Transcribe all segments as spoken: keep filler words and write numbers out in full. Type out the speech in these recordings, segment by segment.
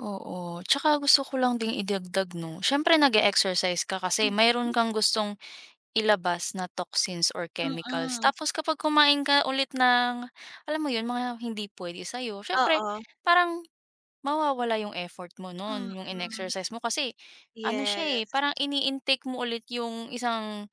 Oo, 'tsaka gusto ko lang ding idagdag 'no, siyempre nag-e-exercise ka kasi mayroon Mm. kang gustong ilabas na toxins or chemicals Mm. tapos kapag kumain ka ulit ng, alam mo yun mga hindi puwede sayo siyempre Oo. parang mawawala yung effort mo no'n yung Mhm. in-exercise mo kasi ano siya, eh, Yes. parang ini-intake mo ulit yung isang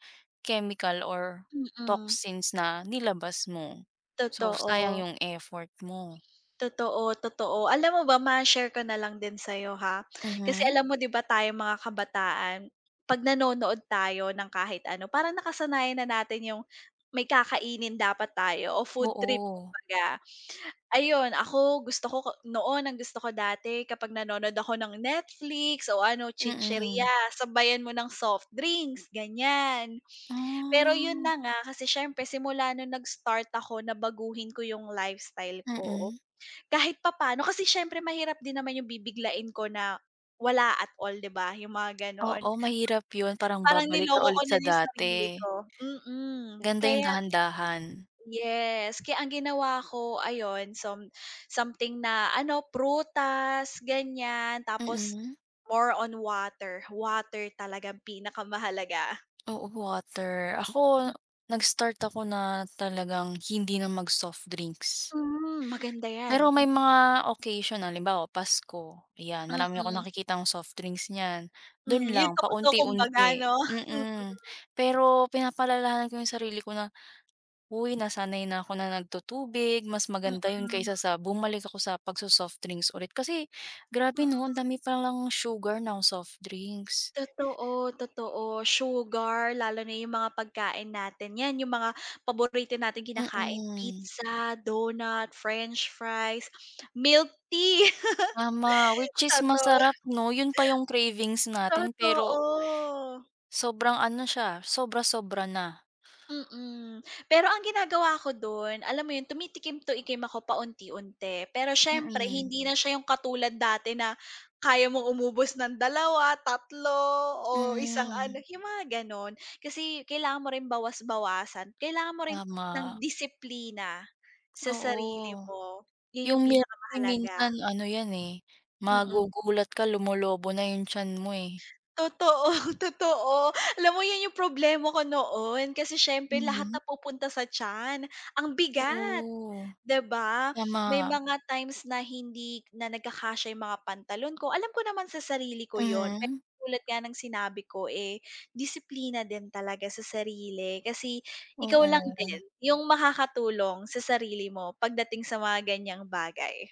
chemical or Mm. toxins na nilabas mo. So sayang Totoo. yung effort mo. Totoo, totoo. Alam mo ba, ma-share ko na lang din sa 'yo, ha, kasi Mhm. alam mo di ba tayong mga kabataan pag nanonood tayo ng kahit ano parang nakasanayan na natin yung may kakainin dapat tayo o food trip Oo. kumbaga. Ayun, ako gusto ko noon, ang gusto ko dati kapag nanonood ako ng Netflix o ano Mm. chichirya sabayan mo ng soft drinks ganyan. Pero yun Ah. na nga kasi siyempre simula nung nag-start ako na baguhin ko yung lifestyle ko, Mm. kahit papaano kasi syempre mahirap din naman yung bibiglain ko na wala at all di ba yung mga gano'n. Oo, mahirap yun parang [unintelligible] Parang babalik ka niloko ko ulit na sa yung sarili dati. ko, mm, Ganda yung kaya dahan-dahan. yes, kaya ang ginawa ko ayon some something na ano, prutas ganyan tapos Mm. more on water, water talagang pinakamahalaga. Oo, water. Hmm. Ako, nag-start ako na talagang hindi na mag softdrinks. Hmm, maganda Pero yan. may mga occasion halimbawa Pasko yan, marami akong Mm. nakikitang soft drinks niyan. Mm, Do'n yung lang tukso kumbaga paunti-unti, 'no? Mhm. mm, pero pinapaalalahanan ko yung sarili ko na, "hoy nasanay na ako na nagtu-tubig," mas maganda yun Mm. kaysa sa bumalik ako sa pagso-softdrinks ulit kasi grabe Mm. 'no, ang dami palang sugar ng softdrinks. Totoo, totoo sugar lalo na yung mga pagkain natin yan yung mga paborito nating kinakain Mm. pizza, donut, french fries, milk tea. Ma ma which is Totoo. masarap 'no, yun pa yung cravings natin Totoo. pero Sobrang ano siya, sobra-sobra na. Mm, pero ang ginagawa ko do'n, alam mo yun tumitikim tikim ako paunti-unti pero siyempre Mm. hindi na siya yung katulad dati na kaya mong umubos ng dalawa, tatlo o isang ano Mhm. yung mga gano'n. Kasi kailangan mo rin bawas-bawasan, kailangan mo rin ng Tama. disiplina sa sarili Oo, mo, yun yung yung milktea pinakamahalaga. minsan ano yan, eh, Mm. magugulat ka lumolobo na yung tiyan mo, eh. Totoo, totoo, alam mo yan yung problema ko noon kasi siyempre lahat Mhm. napupunta sa tiyan ang bigat, Oo, di ba? tama. May mga times na hindi na nagkakasya yung mga pantalon ko, alam ko naman sa sarili ko yun pero Mhm. tulad nga ng sinabi ko, eh, disiplina din talaga sa sarili kasi ikaw lang din Oo. yung makakatulong sa sarili mo pagdating sa mga ganyang bagay.